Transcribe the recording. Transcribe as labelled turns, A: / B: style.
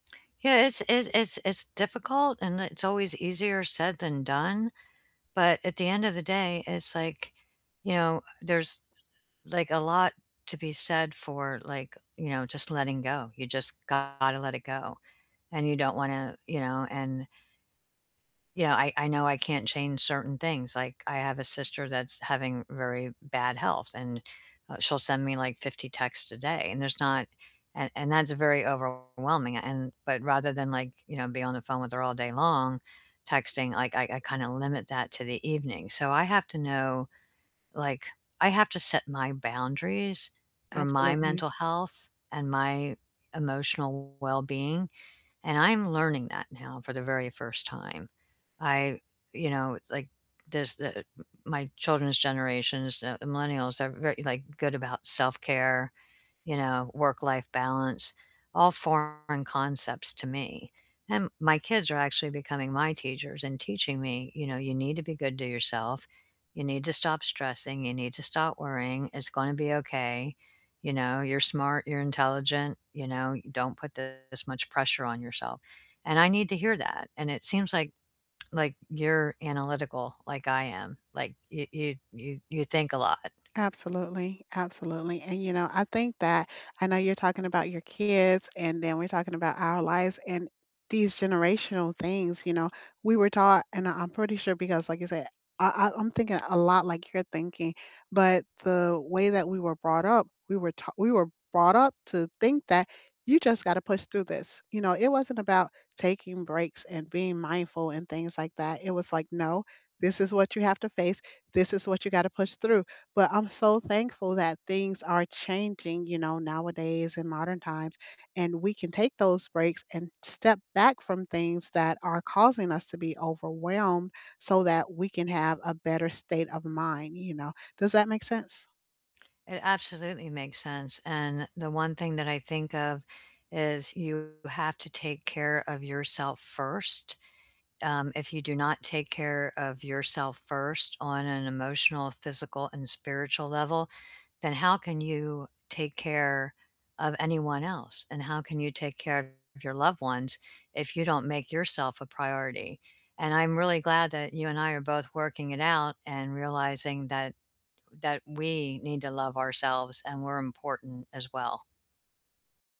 A: Yeah, it's it's it's it's difficult and it's always easier said than done, but at the end of the day, it's like, you know, there's, like, a lot to be said for, like, you know, just letting go. You just gotta let it go. And you don't wanna, you know, and you know, I I know I can't change certain things. Like, I have a sister that's having very bad health, and, uh, she'll send me, like, 50 texts a day, and there's not and and that's very overwhelming. And but rather than, like, you know, be on the phone with her all day long, texting, like, I I kinda limit that to the evening. So I have to know like, I have to set my boundaries for my
B: Absolutely.
A: mental health and my emotional wellbeing, and I'm learning that now for the very first time. I you know, like, there's the m my children's generations, the millennials, are very, like, good about self-care, you know, work-life balance, all foreign concepts to me and my kids are actually becoming my teachers and teaching me, you know, "You need to be good to yourself. You need to stop stressing, you need to stop worrying. It's gonna be okay, you know, you're smart, you're intelligent, you know, don't put this much pressure on yourself." And I need to hear that, and it seems like like, you're analytical like I am. Like y you you you think a lot.
B: Absolutely, absolutely. And, you know, I think that I know you're talking about your kids, and then we're talking about our lives and these generational things, you know, we were taught and I I'm pretty sure because, like you said, I I I'm thinking a lot like you're thinking. But the way that we were brought up, we were ta we were brought up to think that you just gotta push through this. You know, it wasn't about taking breaks and being mindful and things like that. It was like, "No, this is what you have to face. This is what you gotta push through." But I'm so thankful that things are changing, you know, nowadays in modern times, and we can take those breaks and step back from things that are causing us to be overwhelmed so that we can have a better state of mind, you know. Does that make sense?
A: It absolutely makes sense, and the one thing that I think of is you have to take care of yourself first. Um, if you do not take care of yourself first on an emotional, physical, and spiritual level, then how can you take care of anyone else? And how can you take care of your loved ones if you don't make yourself a priority? And I'm really glad that you and I are both working it out and realizing that that we need to love ourselves and we're important as well.